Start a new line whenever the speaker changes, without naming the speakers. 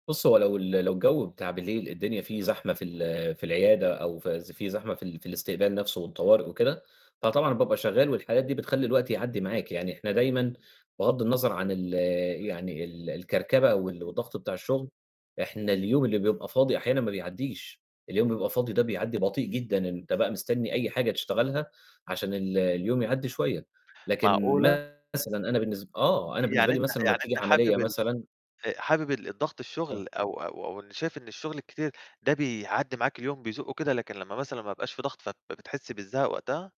بُص، هو لو ال لو الجو بتاع بالليل الدنيا فيه زحمة في ال في العيادة، أو في ز في زحمة في ال في الاستقبال نفسه والطوارئ وكده، فطبعًا بابقى شغال والحالات دي بتخلّي الوقت يعدّي معاك، يعني إحنا دايمًا بغض النظر عن ال يعني ال الكركبة وال والضغط بتاع الشُغل، إحنا اليوم اللي بيبقى فاضي، أحيانًا ما بيعدّيش، اليوم بيبقى فاضي ده بيعدّي بطيء جدًا، إن أنت بقى مستني أي حاجة تشتغلها، عشان ال اليوم يعدّي شوية، لكن
معقولة؟
مثلًا أنا بالنس آه، أنا بالنسبة
يعني
لي
أنت
مثلًا أمّا
يعني
بتيجي
أنت
عملية
حابب ال
مثلًا
آآ حابب الضغط
آه.
الشُغل، أو أو أو شايف إن الشُغل الكتير ده بيعدّي معاك اليوم، بيزقه كده، لكن لمّا مثلًا ما يبقاش في ضغط، فبتحس بالزهق وقتها؟